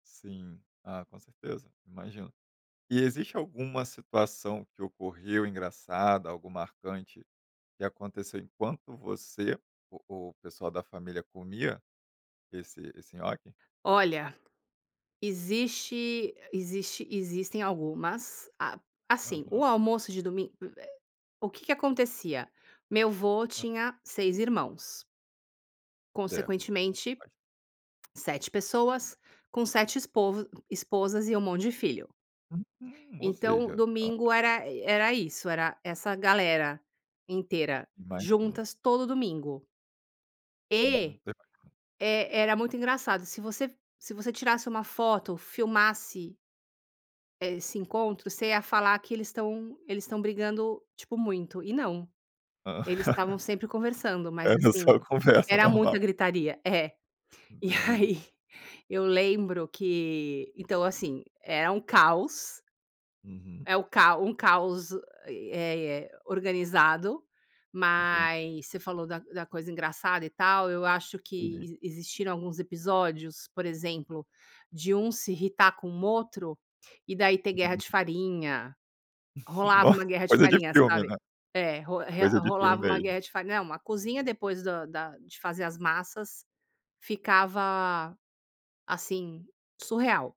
Sim. Ah, com certeza. Imagino. E existe alguma situação que ocorreu engraçada, algo marcante que aconteceu enquanto você o o pessoal da família comia esse esse nhoque? Olha, existe existe existem algumas. A assim, o Aham. almoço de domingo, eh o que que acontecia: Meu avô Hã. tinha 6 irmãos É, consequentemente, bast 7 pessoas com 7 espov esposas e um monte de filho. Uhum, ou Então seja, ado domingo era era isso. Era essa galera inteira Imagina. juntas todo domingo. Uhum, E que bacana. e era muito engraçado, se você se você tirasse uma foto, filmasse eh, esse encontro, você ia falar que eles estão eles estão brigando, tipo, muito, e não. Eles estavam sempre conversando, mas, Era assim, só conversa era muita normal. gritaria. É. E Entendi. aí, eu lembro que então assim, era um caos. Uhum. É o cao um caos, eh eh eh, organizado, Entendi. mas você falou da da coisa engraçada e tal. Eu acho [unintelligible] que existiram alguns episódios, por exemplo, de um se irritar com o outro e, daí, ter guerra Hum. de farinha. Rolava Nossa, uma guerra de coisa de farinha, filme, sabe? né? É, ro re Coisa de filme rolava uma mesmo. guerra de farinha. Não, a cozinha, depois do da de fazer as massas, ficava, assim, surreal.